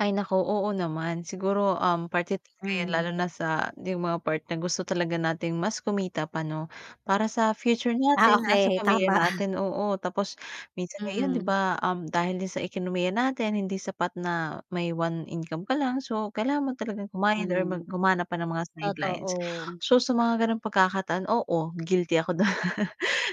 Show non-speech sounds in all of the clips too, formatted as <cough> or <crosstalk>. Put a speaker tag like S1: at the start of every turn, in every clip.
S1: Ay, naku. Oo naman. Siguro, um, parte talaga 'yan, lalo
S2: Hmm.
S1: na sa 'yong mga part na gusto talaga natin mas kumita pa, 'no, para sa future
S2: Ah,
S1: natin, ah, sa
S2: okay.
S1: pamilya
S2: Tama.
S1: natin,
S2: <chuckles>
S1: oo. Tapos minsan ngayon, 'di
S2: Mm.
S1: ba, um, dahil din sa ekonomiya natin hindi sapat na may one income ka lang. So kailangan mo talagang kumayod or mag
S2: Mm.
S1: humanap pa ng mga sidelines.
S2: Totoo.
S1: So sa mga gano'ng pagkakataan, oo, guilty ako do'n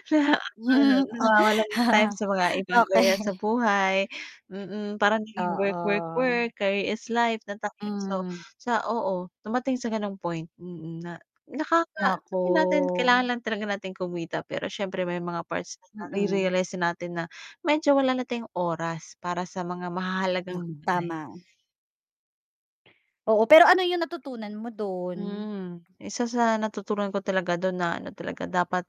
S1: <chuckles> na ano
S2: Hmm, ah.
S1: nawawalan ng time
S2: <chuckles>
S1: sa mga ibang area sa
S2: Okay.
S1: buhay. Mm, parang naging work, work,
S2: Oo.
S1: work, career is life na ta <unintelligible> so
S2: Hmm.
S1: Sa oo, dumating sa gano'ng point. Mm, na nakaka sabihin natin kailangan
S2: Naku.
S1: lang talaga natin kumita. Pero siyempre may mga parts din
S2: Mm.
S1: nare-realize natin na medyo wala na tayong oras para sa mga
S2: Nak
S1: mahahalagang bagay.
S2: tama. Oo. Pero ano 'yong natutunan mo do'n?
S1: Mm. Isa sa natutunan ko talaga do'n na ano talaga, dapat,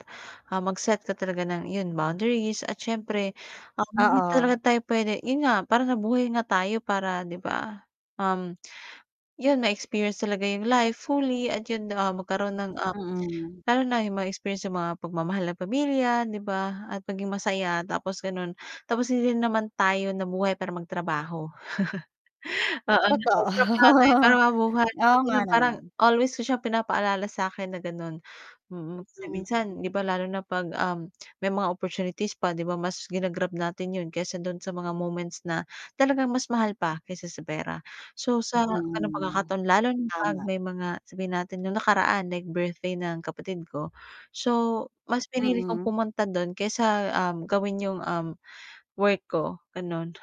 S1: ah, mag-set ka talaga ng, iyon, boundaries. At siyempre, um, hindi talaga
S2: Oo.
S1: tayo puwede, 'yon nga, parang nabuhay nga tayo para, 'di ba, um, <smacks lips> 'yon, ma-experience talaga 'yong life fully at 'yon, ah, magkaroon ng, ah,
S2: Mm.
S1: lalo na 'yong ma-experience, 'yong mga pagmamahal ng pamilya, 'di ba, at maging masaya. Tapos gano'n. Tapos hindi rin naman tayo nabuhay para magtrabaho. <chuckles> Oo,
S2: Totoo.
S1: nagtatrabaho tayo para
S2: <chuckles>
S1: mabuhay. So
S2: Oo nga
S1: gano'n, parang
S2: naman.
S1: always ko siya pinapaalala sa 'kin na gano'n. Mm. Kasi
S2: Mm,
S1: minsan, 'di
S2: hmm.
S1: ba, lalo na 'pag, um, <smacks lips> may mga opportunities pa, 'di ba mas ginag-grab natin 'yon kaysa do'n sa mga moments na talagang mas mahal pa kaysa sa pera. So sa gano'ng
S2: Mm.
S1: pagkakataon lalo na 'pag
S2: Tama.
S1: may mga, sabihin natin, no'ng nakaraan, like birthday ng kapatid ko. So mas pinili kong
S2: Mm.
S1: pumunta do'n kaysa, um, gawin 'yong, um, work ko, gano'n.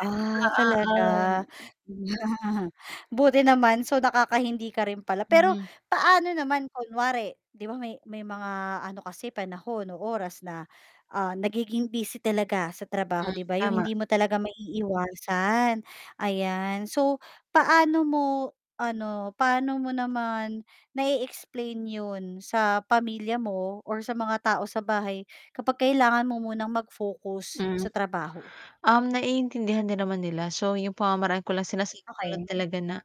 S2: Ah, talaga.
S1: Oo, um
S2: <chuckles> Buti naman. So nakaka-hindi ka rin pala. Pero
S1: Mm.
S2: paano naman kunwari, 'di ba, may may mga ano kasi panahon o oras na, ah, nagiging busy talaga sa trabaho,
S1: Hmm,
S2: 'di ba. 'Yong
S1: tama.
S2: hindi mo talaga maiiwasan, ayan. So paano mo, ano, paano mo naman na-e-explain 'yon sa pamilya mo or sa mga tao sa bahay kapag kailangan mo munang mag-focus
S1: Hmm.
S2: sa trabaho?
S1: Um, naiintindihan din naman nila. So 'yong pamamaraan ko lang, sinasabi ko lang
S2: Okey.
S1: talaga na,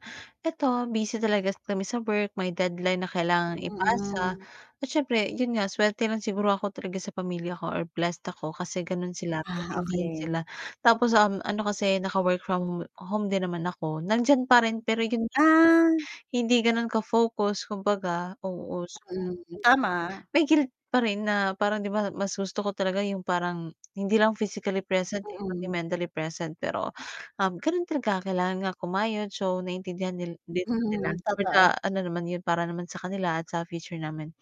S1: "Ito, busy talaga kami sa work. May deadline na kailangang ipasa."
S2: Mm.
S1: At siyempre, 'yon nga, swerte lang siguro ako talaga sa pamilya ko or blessed ako kasi gano'n sila,
S2: Ah,
S1: maintindihin
S2: okey.
S1: sila. Tapos, um, ano kasi naka-work from hom home din naman ako. Nandiyan pa rin, pero 'yon nga.
S2: Ah.
S1: Hindi gano'n ka-focus kumbaga. Oo, so <unintelligible>
S2: Mm. Tama.
S1: may guilt pa rin na parang, 'di ba, mas gusto ko talaga 'yong parang hindi lang physically present, eh, pati
S2: Mm.
S1: mentally present. Pero, um, gano'n talaga kailangan nga kumayod. So naiintindihan nil din naman nila
S2: Mm,
S1: for the
S2: totoo.
S1: ano naman 'yon, para naman sa kanila at sa future namin.